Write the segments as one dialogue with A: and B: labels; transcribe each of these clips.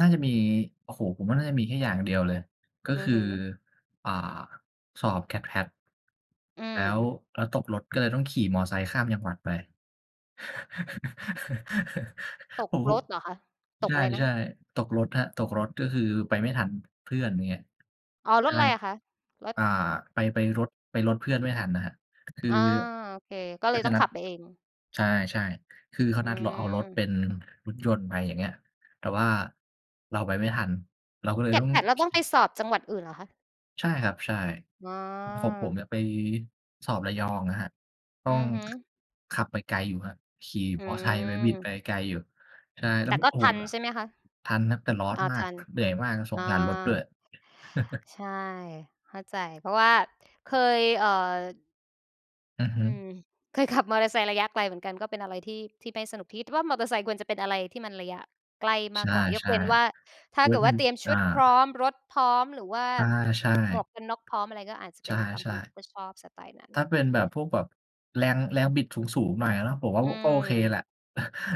A: น่าจะมี โอ้โฮ ผมว่าน่าจะมีแค่อย่างเดียวเลย ก็
B: อื
A: ค
B: อ
A: ือ
B: ฮึ
A: อ่า สอบ GAT-PAT
B: อื
A: แล้ว
B: ม
A: แล้วตกรถ ก็เลยต้องขี่มอไซค์ข้ามจังหวัดไป
B: ตก
A: ผม โพ
B: ร
A: ะ
B: ถเหรอคะ? ต
A: ใ
B: กอะไรนะ
A: ช
B: ค
A: ่
B: ะ?
A: ๆ ตกรถครับ ตกรถ ก็คือไปไม่ทัน เพื่อน อย่างเงี้ย
B: อ๋อ ร
A: ใช่
B: ถไร
A: ครับ
B: อะคะ? รถ
A: อ่า ไป ไปรถ ไปรถเพื่อนไม่ทันน่ะครับ คือ
B: อา โอเค ก็เล
A: ก็
B: ย
A: จ
B: ต
A: ะ
B: ้อง
A: นั
B: ข
A: ด
B: ับไปเอง
A: ใช่ ๆ คือ
B: อ
A: เ
B: ื
A: ขานัดเราเอารถ
B: ม
A: เป็น รถยนต์ไป อย่างเงี้ย แต่ว่าเราไปไม่ทัน เราก็เลยต้อง
B: GAT-PATเราต้องไปสอบจังหวัดอื่นเหรอคะ?
A: ใช่ครับ ใช่
B: อ๋อ
A: อ ของผมเนี่ย ไปสอบ ระยองอะครับ ต้
B: อ
A: อ
B: ื
A: ง
B: อฮึ
A: ขับไปไกลอยู่ครับ ขี่
B: อ
A: มอไซค์ไป บิดไ
B: ื
A: ป
B: ม
A: ไกลอยู่ ใช่ แล้
B: แต
A: ว
B: ่
A: ม
B: ก็
A: โอ้
B: ท
A: โฮ
B: ัน
A: ร
B: ใช่ไหมคะ?
A: ทันครับ แต่ร้อน
B: อา
A: มา
B: ท
A: ก
B: ัน
A: เหนื่อยมากครับ ส
B: อา
A: งสารรถด้วย
B: ใช่ เข้าใจ เพราะว่าเคย เอ่อ
A: อือฮ
B: อ
A: ึ
B: ืม เคยขับมอเตอร์ไซค์ระยะไกลเหมือนกัน ก็เป็นอะไรที่ ที่ไม่สนุก คิด ว่ามอเตอร์ไซค์ควรจะเป็นอะไรที่มันระยะใกล้ม
A: ใช
B: ากกว่า ยก
A: ่
B: เว้นว่า ถ
A: ๆ
B: ้
A: โ
B: า
A: อ๊
B: เก
A: ย
B: ิดว
A: มั
B: ่า
A: น
B: เตรียมช
A: อ
B: ุ
A: า
B: ดพร้อม รถพร้อม หรือว่า
A: อา ใช่
B: หมวกกันน็อกพร้อม อะไร ก็อาจจะ
A: ใ
B: เ
A: ช
B: ป็
A: ่
B: น
A: ครั
B: บ
A: บ
B: าง
A: ใช
B: ค
A: ่
B: นเขาก็ชอบสไตล์นั้น
A: ถ้าเป็นแบบพวกแบบแรง แรงบิดสูง ๆ หน่อยอะเนาะ ผมว่า
B: อ
A: อ
B: ื
A: ก็โ
B: ม
A: อเคแหละ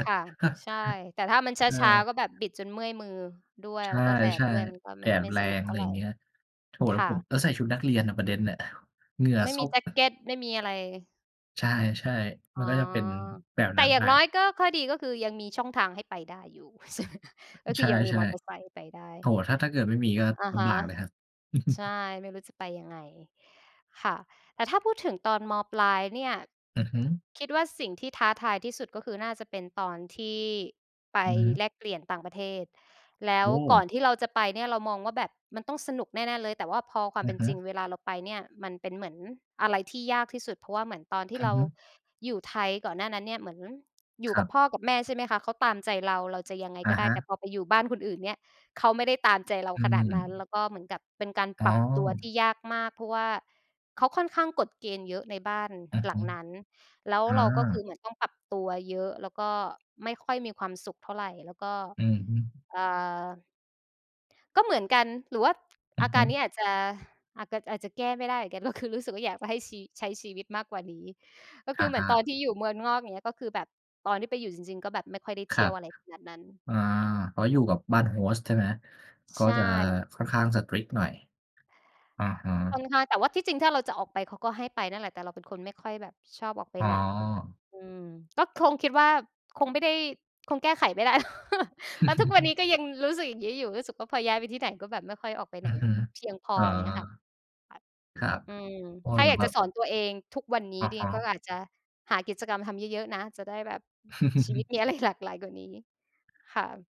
B: ค่ะ ใช่ แต่ถ้ามันช
A: ใช่
B: ้า ๆ ก็แบบบิดจนเมื่อยมือด้วย
A: ใช
B: แล้วก็แดด
A: ่
B: ด้วย มันก็
A: ๆ แ
B: ไ
A: ด
B: ม่
A: ด
B: ไม
A: ม
B: ่
A: ันแร
B: สนุก
A: ง
B: เ
A: อ
B: ท่
A: ะไ
B: า
A: ร
B: ไ
A: อ
B: ร
A: ย่างเงี้ย โถ่
B: ค
A: แล้ว
B: ่
A: ผม
B: ะ
A: แล้วใส่ชุดนักเรียนน่ะ ประเด็นน่ะ เหงื่อ
B: ไม่
A: ซ
B: มี
A: ก
B: แจ็กเกต ไม่มีอะไร
A: ใช่ ๆ
B: อ
A: ม
B: ๋
A: ั
B: อ
A: นก็จะเป็นแบบ
B: แต
A: น
B: ่
A: ั้น
B: อย่า
A: ไป
B: งน้อย ก็ ข้อดีก็คือยังมีช่องทางให้ไปได้อยู่
A: อ
B: ก็คื
A: ใ
B: อยังมี
A: ช
B: มอ
A: ่
B: เตอร์ไซค์ให้ไปได
A: ๆ โ
B: ้
A: อ้โฮ ถ้า ถ้าเกิดไม่มีก็
B: อะ
A: ล
B: ฮ
A: ำบ
B: ะ
A: ากเลย ครับ
B: ใช่ ไม่รู้จะไปยังไง ค่ะ แต่ถ้าพูดถึง ตอน ม.ปลาย เนี่ย
A: อือฮึ
B: คิดว่าสิ่งที่ท้าทายที่สุด ก็คือน่าจะเป็นตอนที่ไป
A: อือฮึ
B: แลกเปลี่ยนต่างประเทศ แล้
A: โอ
B: วก
A: ้
B: ่อนที่เราจะไปเนี่ย เรามองว่าแบบมันต้องสนุกแน่ ๆ เลย แต่ว่าพอความ
A: อ
B: เป
A: ะ
B: ็น
A: ฮ
B: จริง
A: ะ
B: เวลาเราไปเนี่ยมันเป็นเหมือนอะไรที่ยากที่สุด เพราะว่าเหมือนตอนที
A: อ
B: ่
A: ื
B: เร
A: อ
B: า
A: ฮึ
B: อยู่ไทย ก่อนหน้านั้นเนี่ย เหมือน อยู่
A: คร
B: ก
A: ั
B: ับ
A: บ
B: พ่อกับแม่ ใช่ไหมคะ เขาตามใจเรา เราจะยังไง
A: อ
B: ก
A: ะ
B: ็ได
A: ฮ
B: ้ แต่
A: ะ
B: พอไปอยู่บ้านคนอื่นเนี่ย เขาไม่ได้ตามใจ เรา
A: อื
B: ขนาดนั้น แล
A: ม
B: ้วก็เหมือนกับเป็นการ
A: อ๋
B: ป
A: อ
B: รับตัวที่ยากมาก เพราะว่าเขาค่อนข้างกฎเกณฑ์เยอะในบ้าน
A: อือ
B: หล
A: ฮ
B: ัง
A: ึ
B: นั้น แล้ว
A: อ
B: เราก็คือ
A: า
B: เหมือนต้อง ปรับตัวเยอะ แล้วก็ไม่ค่อยมีความสุขเท่าไร แล้วก็
A: อือฮึ
B: เอ่อ ก็เหมือนกัน หรือว่า
A: อื
B: อ
A: อ
B: า
A: ฮ
B: การนี
A: ึ
B: ้อาจจะ อาก ก อาจจะแก้ไม่ได้เหมือนกัน ก็คือ รู้สึกว่า อยากจะให้ชี ใช้ชีวิตมากกว่านี้ ก็
A: ค
B: ค
A: ่
B: ื
A: ะ
B: อเหม
A: อ
B: ือนต
A: า
B: อนที่อยู่เมืองนอก อย่างเงี้ย ก็คือแบบตอนที่ไปอยู่จริง ๆ ก็แบบไม่ค่อยได้
A: ค
B: เท
A: ร
B: ี
A: ั
B: ่ยว
A: บ
B: อะไรขนาดนั้น
A: อา อ๋อ อยู่กับบ้าน Host ใช่ไหม? ก
B: ใ
A: ็
B: ช
A: จะ
B: ่
A: ค่อนข้าง strict หน่อย อะฮะ
B: ค่อนข้าง แต่ว่าที่จริงถ้าเราจะออกไป เขาก็ให้ไปนั่นแหละ แต่เราเป็นคนไม่ค่อยแบบชอบออกไป
A: อ๋
B: ไหน
A: อ
B: อืม ก็คงคิดว่า คงไม่ได้ คงแก้ไขไม่ได้ แล้ว แล้วทุกวันนี้ก็ยังรู้สึกอย่างงี้อยู่ รู้สึกว่าพอย้ายไปที่ไหนก็แบบไม่ค่อยออกไป
A: อ
B: ไ
A: ื
B: หน
A: อฮึ
B: เพียงพอ
A: อ๋อ
B: อย่างเงี้ยค่ะ ค่ะ
A: ครับ
B: อืม
A: อ้อ
B: ถ้า
A: เหร
B: อย
A: อ
B: าก
A: คร
B: จ
A: ั
B: ะ
A: บ?
B: สอนตัวเอง "ทุกวันนี
A: อ
B: ้
A: ะ
B: เด
A: คร
B: ง
A: ั
B: ก็
A: บ
B: อาจจะหากิจกรรมทำเยอะ ๆ นะ จะได้แบบ ชีวิต มีอะไร หลากหลายกว่านี้" ค่ะ